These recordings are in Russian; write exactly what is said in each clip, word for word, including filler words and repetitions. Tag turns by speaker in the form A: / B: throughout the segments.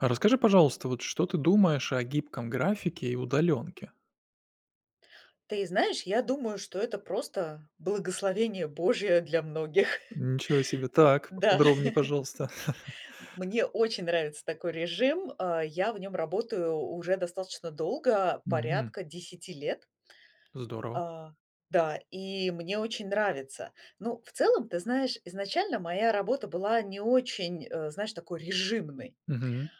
A: А расскажи, пожалуйста, вот что ты думаешь о гибком графике и удаленке?
B: Ты знаешь, я думаю, что это просто благословение Божье для многих.
A: М, ничего себе! Так,
B: Да.
A: поподробней, пожалуйста.
B: Мне очень нравится такой режим. А, я в нем работаю уже достаточно долго,
A: Мгм.
B: порядка десяти лет.
A: Здорово!
B: А, да, и мне очень нравится. Ну, в целом, ты знаешь, изначально, моя работа была не очень, а, знаешь, такой режимной.
A: Мгм.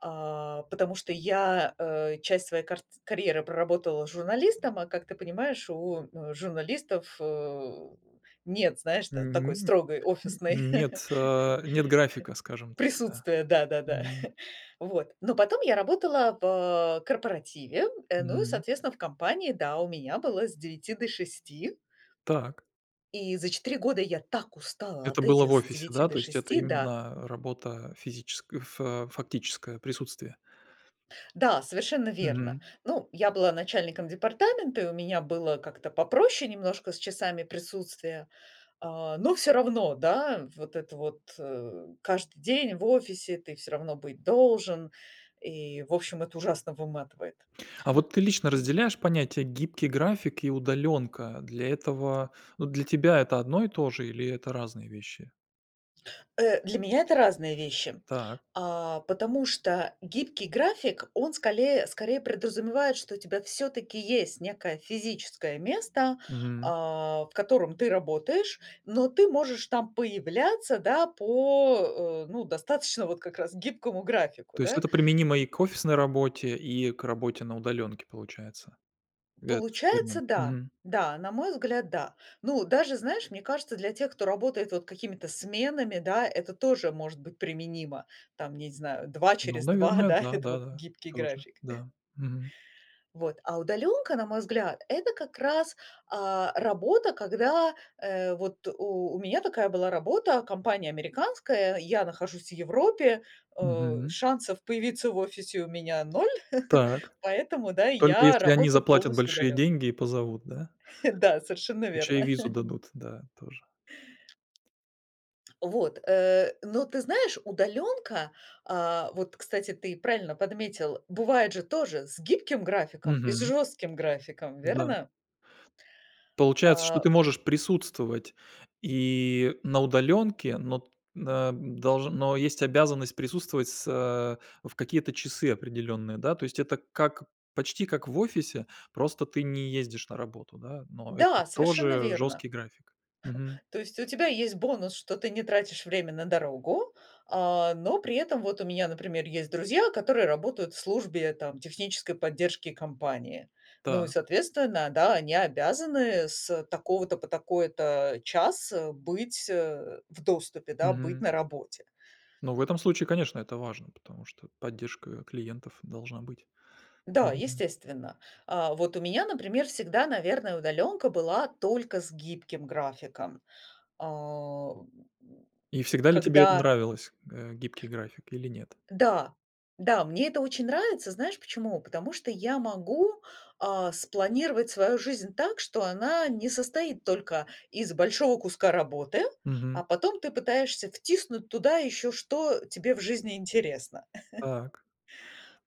B: А, потому что я, а, часть своей картц карьеры проработала журналистом, а как ты понимаешь, у, э, журналистов, э, нет, знаешь, та такой
A: Мгм,
B: строгой офисной
A: м. Нет, а, нет графика, скажем так, да.
B: присутствия, да-да-да,
A: Мгм.
B: вот. Но потом я работала в корпоративе. Э, ну, и,
A: М.
B: соответственно, в компании, да, у меня было с девяти до шести.
A: Так.
B: И за четыре года я так устала
A: Это
B: от
A: было в
B: этих с
A: офисе,
B: девяти
A: да?
B: до
A: То есть, это
B: шести да.
A: именно работа физическ фа фактическая, присутствие.
B: Да, совершенно верно.
A: Мгм.
B: Ну, я была начальником департамента, и у меня было как-то попроще немножко с часами присутствия, а. Но всё равно, да, вот это вот, э, каждый день в офисе ты всё равно быть должен и, в общем, это ужасно выматывает.
A: А вот ты лично разделяешь понятия: гибкий график и удаленка, для этого Ну, для тебя это одно и то же или это разные вещи?
B: Э, для меня это разные вещи.
A: Так.
B: А, потому что гибкий график- он сколее скорее подразумевает, что у тебя всё-таки есть некое физическое место,
A: Мгм.
B: а, в котором ты работаешь, но ты можешь там появляться, да, по, э, ну, достаточно вот как раз гибкому графику,
A: То есть,
B: да.
A: это применимо и к офисной работе, и к работе на удаленке, получается. Этот термин.
B: Получается, да.
A: Мгм.
B: Да, на мой взгляд, да. Ну, даже, знаешь, мне кажется, для тех, кто работает вот какими-то сменами, да, это тоже может быть применимо. Там я не зна два
A: Ну
B: через два,
A: наверное
B: да,-
A: да,
B: это вот
A: да-да.
B: гибкий
A: Тоже.
B: график.
A: Да. Мгм.
B: Вот, а удаленка, на мой взгляд, это как раз, а, работа, когда, э, вот У у меня такая была работа, компания американская, я нахожусь в Европе, а,
A: Мгм.
B: шансов появиться в офисе у меня ноль,
A: Так.
B: поэтому, да,
A: Только
B: я
A: если они
B: работаю
A: заплатят
B: полностью
A: большие
B: удаленно.
A: деньги и позовут, да?
B: Да, совершенно
A: Ещё
B: верно.
A: и визу дадут, да, тоже.
B: Вот, э, но ты знаешь, удаленка, а, вот кстати, ты правильно подметил, бывает же тоже с гибким графиком, и с
A: Мгм.
B: жестким графиком.
A: Да.
B: Верно?
A: Получается, что
B: А.
A: ты можешь присутствовать и на удаленке, но т э, долж но, есть обязанность присутствовать с э, в какие-то часы определенные, да? То есть это как почти как в офисе, просто ты не ездишь на работу, да. Но это
B: Да, совершенно
A: тоже
B: верно.
A: жесткий график. Мгм.
B: То есть у тебя есть бонус, что ты не тратишь время на дорогу, а, но при этом вот у меня например есть друзья, которые работают в службе там технической поддержки компании. Ну и
A: Так.
B: соответственно, да, они обязаны с такого-то по такой-то час, э, быть, э, в доступе, да, быть
A: Мгм.
B: на работе.
A: Но в этом случае конечно, это важно, потому что поддержка, э, клиентов должна быть.
B: Да,
A: Мгм.
B: естественно. А вот у меня, например, всегда, наверное, удаленка была только с гибким графиком. А,
A: И всегда ли тебе это
B: когда
A: нравилось, э- гибкий график. Или нет?
B: Да. Да, мне это очень нравится. Знаешь почему? Потому что я могу, а, спланировать свою жизнь так, что она не состоит только из большого куска работы,
A: Мгм.
B: а потом ты пытаешься втиснуть туда еще что тебе в жизни интересно.
A: Так,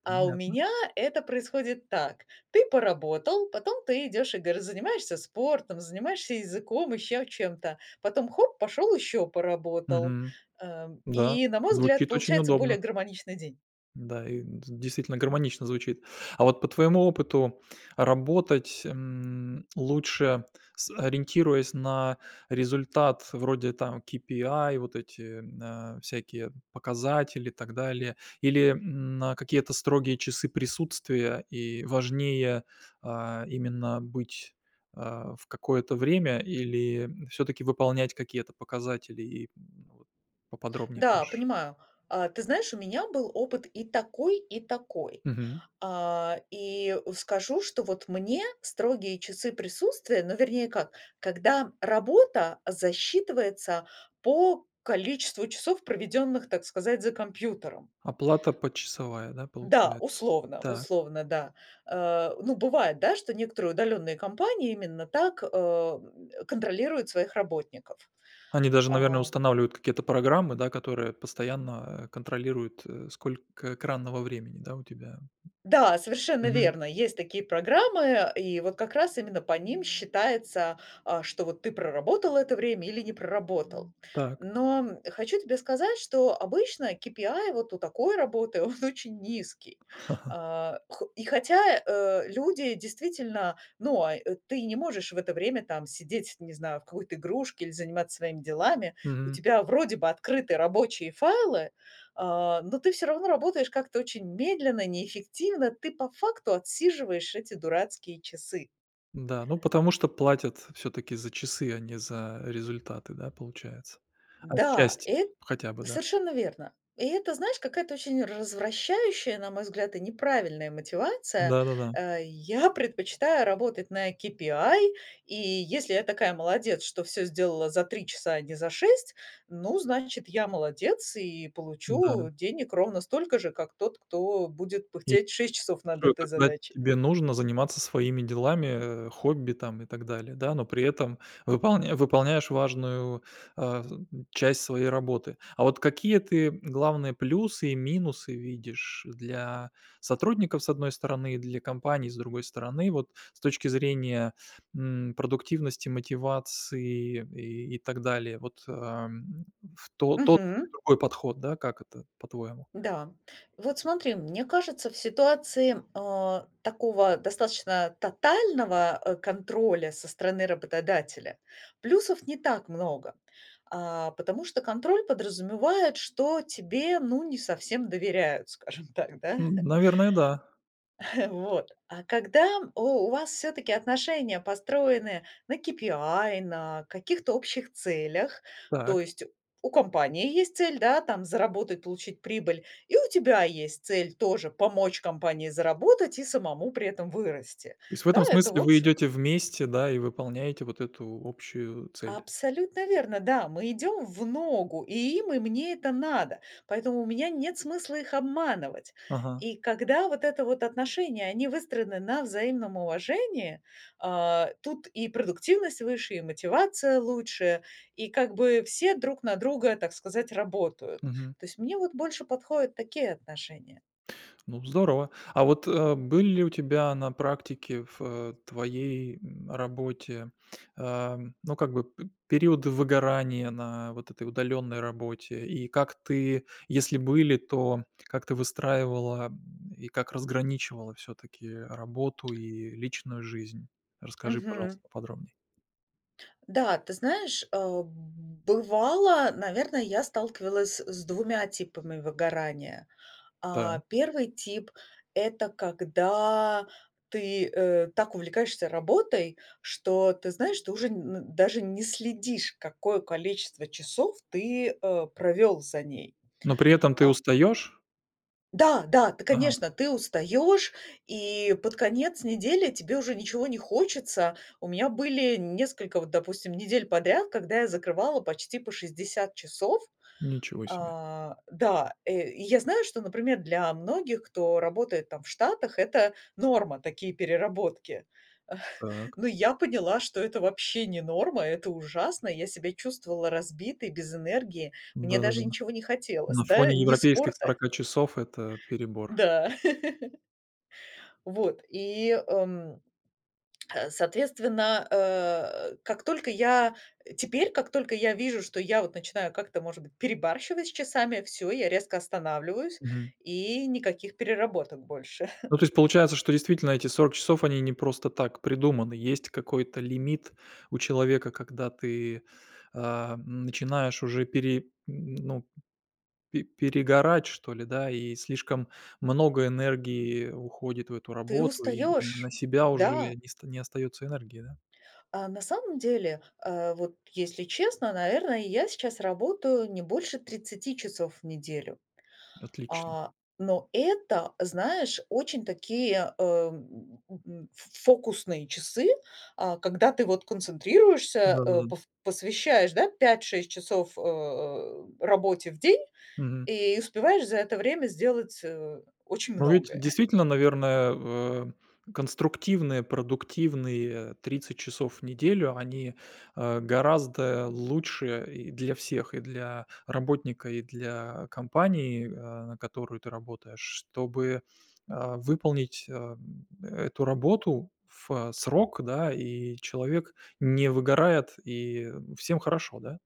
B: А у
A: понятно.
B: меня это происходит так: ты поработал, потом ты идешь и гов занимаешься спортом, занимаешься языком, ещё чем-то, потом, хоп, пошел еще поработал.
A: Мгм.
B: Ам,
A: Да,
B: и на мой взгляд
A: звучит очень
B: получается более
A: удобно.
B: гармоничный день.
A: Да, и д действительно, гармонично звучит. А вот по твоему опыту работать, м, лучше, с ориентируясь на результат вроде там кипиай, вот эти, э, всякие показатели и так далее. Или, м, на какие-то строгие часы присутствия и важнее, а, именно быть, э, в какое-то время или всё-таки выполнять какие-то показатели. И б вот поподробнее
B: Да,
A: можешь
B: понимаю. А, ты знаешь, у меня был опыт и такой, и такой.
A: Мгм.
B: А, и скажу, что вот мне строгие часы присутствия, но вернее как, когда работа засчитывается по количеству часов, проведенных, так сказать, за компьютером.
A: Оплата почасовая, да
B: Да,
A: получается.
B: условно,
A: Так.
B: условно, да. Э, ну бывает, да, что некоторые удаленные компании именно так, э, м, контролируют своих работников.
A: Они даже наверное
B: А.
A: устанавливают какие-то программы, да, которые постоянно контролируют, э, сколько экранного времени, да, у тебя.
B: Да, совершенно
A: Мгм.
B: верно, есть такие программы, и вот как раз именно по ним считается, а, что вот ты проработал это время или не проработал.
A: Так.
B: Но, м, хочу тебе сказать, что обычно кипиай вот у такой работы он очень низкий. А, хо и хотя, э, люди действительно, ну он ы не можешь в это время там сидеть, не знаю, в какой-то игрушке, или заниматься своими делами- у
A: Мгм.
B: тебя вроде бы открыты рабочие файлы, а, но ты всё равно работаешь как-то очень медленно, неэффективно. Ты по факту отсиживаешь эти дурацкие часы.
A: Да, ну потому что платят всё-таки за часы, а не за результаты, да, получается,
B: Да,
A: отчасти
B: эт
A: хотя бы, да.
B: совершенно верно. И это, знаешь, какая-то очень развращающая, на мой взгляд, и неправильная мотивация.
A: Да-да-да.
B: Э, я предпочитаю работать на кипиай и если я такая молодец, что всё сделала за три часа, а не за шесть, ну, значит, я- молодец, и
A: Да.
B: получу денег ровно столько же, как тот, кто будет
A: И
B: пыхтеть шесть часов над
A: [unintelligible]
B: этой
A: Когда
B: задачей.
A: тебе нужно заниматься своими делами, э, хобби там и так далее, да, но при этом выполня выполняешь важную, э, м, часть своей работы. А вот какие ты главные плюсы и минусы видишь для сотрудников с одной стороны, и для компаний с другой стороны? Вот с точки зрения, м, продуктивности, мотивации и и так далее, вот, а, м, в тот тот
B: Мгм.
A: другой подход, да, как это по-твоему?
B: Да. Вот смотри, мне кажется в ситуации, э, такого достаточно тотального, э, контроля со стороны работодателя, плюсов не так много, а, потому что контроль подразумевает, что тебе, ну, не совсем доверяют, скажем так, да.
A: М, Наверное, да.
B: Вот. А когда у у вас всё-таки отношения построены на кипиай, на каких-то общих целях, то
A: Так.
B: есть у компании есть цель, да, там заработать, получить прибыль, и у тебя есть цель тоже помочь компании заработать и самому при этом вырасти,
A: То есть в
B: да.
A: этом
B: Это в
A: смысле вы
B: общем
A: идете вместе, да, и выполняете вот эту общую цель.
B: Абсолютно верно, да! Мы идем в ногу, и им и мне это надо. Поэтому у меня нет смысла их обманывать.
A: Ага.
B: И когда вот это вот отношения выстроены на взаимном уважении, а, тут и продуктивность выше, и мотивация лучше, и как бы все друг на друга, так сказать, работают.
A: Мгм.
B: То есть мне вот больше подходят такие отношения.
A: Ну здорово. А вот, э, были ли у тебя на практике в, э, твоей, м, работе, э, ну, как бы, п периоды выгорания на вот этой удаленной работе? И как ты если были, то как ты выстраивала, э, и как разграничивала всё-таки работу и личную жизнь? Расскажи, пожалуйста,
B: Мгм.
A: поподробней.
B: Да, ты знаешь, э, б бывало, наверное, я сталкивалась с двумя типами выгорания.
A: Да.
B: А, первый тип, это когда ты, э, так увлекаешься работой, что ты знаешь, ты уже н даже н не следишь, какое количество часов ты, э, провел за ней.
A: Но при этом ты
B: А
A: устаешь?
B: Да-да, ты,
A: Ага.
B: конечно, ты устаешь и под конец недели тебе уже ничего не хочется. У меня были несколько вот, допустим, недель подряд, когда я закрывала почти по шесдесят часов.
A: Ничего себе!
B: А, да, э, и я знаю, что например для многих, кто работает там в Штатах- это норма, такие переработки.
A: Так.
B: Но я поняла, что это вообще не норма, это ужасно. Я себя чувствовала разбитой, без энергии. Мне даже
A: Да-да-да.
B: ничего не хотелось,
A: На
B: да,
A: фоне
B: ни
A: европейских
B: спорта
A: сорока часов это перебор.
B: Да. Вот, и, м, а, соответственно, э, как только я, э, теперь, как только я вижу, что я вот начинаю как-то может быть перебарщивать с часами, всё, я резко останавливаюсь,
A: Мгм.
B: и никаких переработок больше.
A: Ну то есть получается, что действительно эти сорок часов они не просто так придуманы. Есть какой-то лимит у человека, когда ты, а, начинаешь уже пере н ну, пе перегорать что ли да, и слишком много энергии уходит в эту
B: Ты
A: работу и н на
B: устаешь.
A: себя уже
B: Да.
A: не ст не остается энергии, да.
B: А на самом деле, а, вот, если честно, наверное, я сейчас работаю не больше тридцати часов в неделю.
A: Отлично.
B: А, но это, знаешь, очень такие, э, м, м, ф фокусные часы, а когда ты вот концентрируешься, э,
A: Да-да-да.
B: пов посвящаешь, да, пять-шесть часов, э, работе в день,
A: Мгм.
B: и успеваешь за это время сделать, э, очень
A: Но ведь
B: многое.
A: действительно, наверное, в а, конструктивные продуктивные тридцать часов в неделю- они, а, гораздо лучше и для всех: и для работника, и для компании, а, на которую ты работаешь, чтобы, а, выполнить, а, м, эту работу в срок, да, и человек не выгорает, и всем хорошо, да.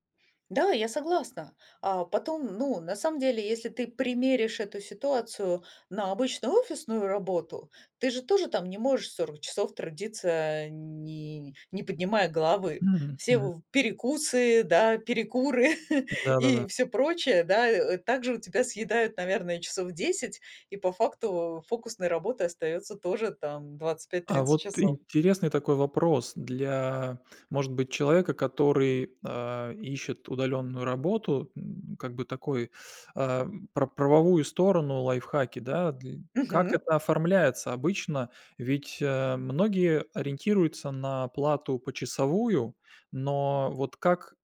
B: Да, я согласна. А потом, ну, на самом деле, если ты примеришь эту ситуацию на обычную офисную работу, ты же тоже там не можешь сорок часов трудиться а, не не поднимая головы.
A: Мгм
B: Все
A: мгм.
B: в перекусы, да, перекуры
A: Да-да-да.
B: и всё прочее, да, э, также у тебя съедают, наверное, часов десять. И по факту фокусной работы остается тоже там двадцать пять,
A: А
B: тридцать
A: вот
B: часов.
A: интересный такой вопрос. Для, может быть, человека, который, а, ищет удаленную работу, м, как бы такой, а, про правовую сторону, лайфхаки, да, дл Как
B: Мгм.
A: это оформляется обычно? Ведь, а, многие ориентируются на плату почасовую, но вот как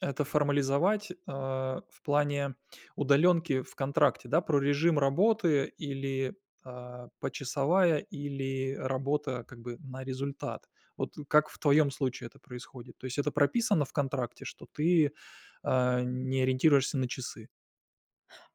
A: это формализовать, а, в плане удаленки в контракте, да. Про режим работы, или, а, почасовая, или работа как бы на результат. Вот как в твоем случае это происходит? То есть это прописано в контракте, что ты, а, не ориентируешься на часы?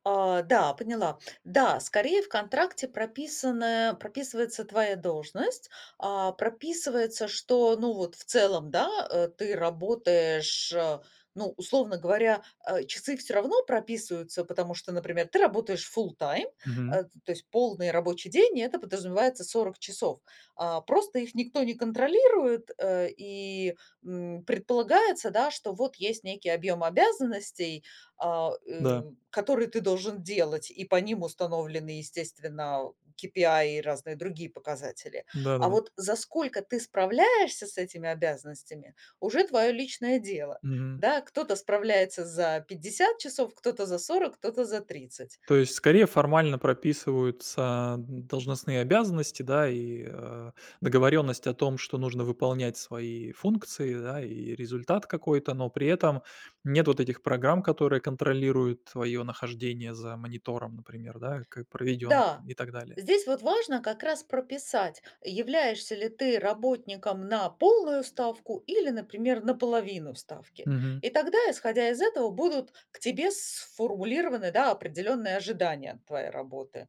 B: А, да, поняла. Да, скорее в контракте прописано, прописывается твоя должность. А, прописывается, что, ну вот, в целом, да, э, ты работаешь, э, ну, условно говоря, э, часы всё равно прописываются, потому что, например, ты работаешь full time,
A: Мгм.
B: э, то есть полный рабочий день, и это подразумевается сорок часов. А, просто их никто не контролирует, э, и, м, предполагается, да, что вот есть некий объем обязанностей, а, э,
A: Да.
B: которые ты должен делать, и по ним установлены, естественно, KPI и разные другие показатели. А
A: Да-да-да.
B: вот за сколько ты справляешься с этими обязанностями- уже твоё личное дело,
A: Мгм.
B: да. Кто-то справляется за пятьдесят часов, кто-то за сорок, кто-то за тридцать.
A: То есть, скорее, формально прописываются должностные обязанности, да, и, а, договоренность о том, что нужно выполнять свои функции, да, и результат какой-то, но при этом нет вот этих программ, которые контролируют твоё нахождение за монитором, например, да, как проведён
B: Да,
A: и так далее.
B: здесь вот важно как раз прописать, являешься ли ты работником на полную ставку или, например, на половину ставки.
A: Мгм.
B: И тогда, исходя из этого, будут к тебе сформулированы, да, определённые ожидания от твоей работы.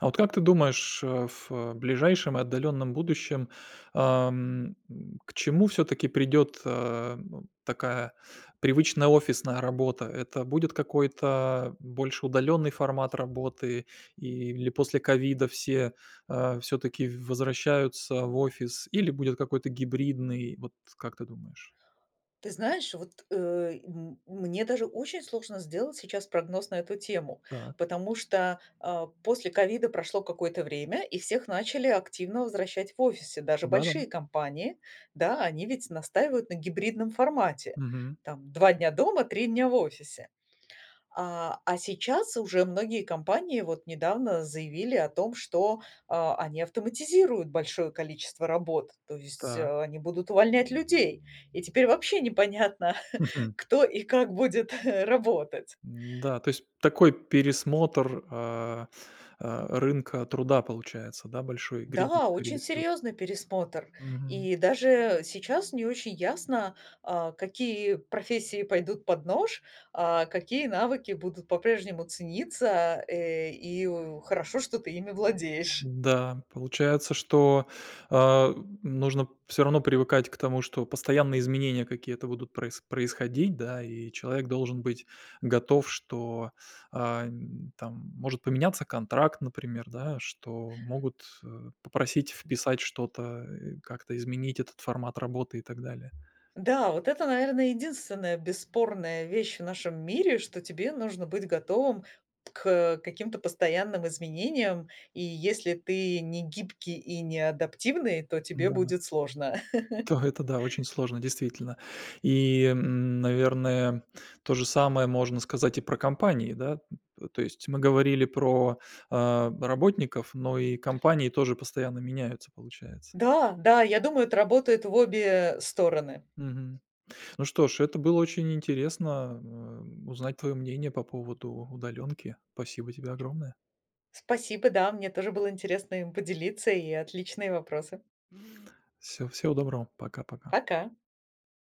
A: А вот как ты думаешь, а, ф ближайшем и отдалённом будущем, ам, м, к чему всё-таки придёт, а, б такая привычная офисная работа? Это будет какой-то больше удалённый формат работы или после ковида все, а, всё-таки в возвращаются в офис или будет какой-то гибридный, вот как ты думаешь?
B: Ты знаешь, вот, э, м мне даже очень сложно сделать сейчас прогноз на эту тему,
A: Так.
B: потому что, а, после ковида прошло какое-то время, и всех начали активно возвращать в офисы, даже
A: Да-да.
B: большие компании. Да, они ведь настаивают на гибридном формате,
A: Мгм.
B: там, два дня дома, три дня в офисе. А, а сейчас уже многие компании вот недавно заявили о том, что, э, они автоматизируют большое количество работ, то есть,
A: Так.
B: э, они будут увольнять людей, и теперь вообще непонятно,
A: Мгм.
B: кто и как будет работать.
A: М-да, то есть такой пересмотр, а а, рынка труда получается, да, большой и гридит
B: Да, очень
A: скорее всего.
B: серьезный пересмотр.
A: Мгм.
B: И даже сейчас не очень ясно, а, какие профессии пойдут под нож, а какие навыки будут по-прежнему цениться, э, и в хорошо, что ты ими владеешь.
A: Да, получается, что, а, нужно всё равно привыкать к тому, что постоянные изменения какие-то будут проис происходить, да. И человек должен быть готов, что, а, н там может поменяться контракт, например, да, что могут, э, попросить вписать что-то, э, как-то изменить этот формат работы и так далее.
B: Да, вот это, наверно, единственная бесспорная вещь в нашем мире, что тебе нужно быть готовым к, э, каким-то постоянным изменениям. И если ты не гибкий и не адаптивный, то тебе
A: Да, но
B: будет сложно.
A: Та, это да, очень сложно действительно. И, м, наверное, тоже самое можно сказать и про компании да? Т то есть, мы говорили про, а, работников, но и компании тоже постоянно меняются получается.
B: Да, да, я думаю, это работает в обе, э, стороны.
A: Мгм. Ну что ж, это было очень интересно, э, узнать твоё мнение по поводу удалёнки. Спасибо тебе огромное.
B: Спасибо. Да, мне тоже было интересно им поделиться, и отличные вопросы.
A: Всё, всего доброго. Пока-пока.
B: Пока.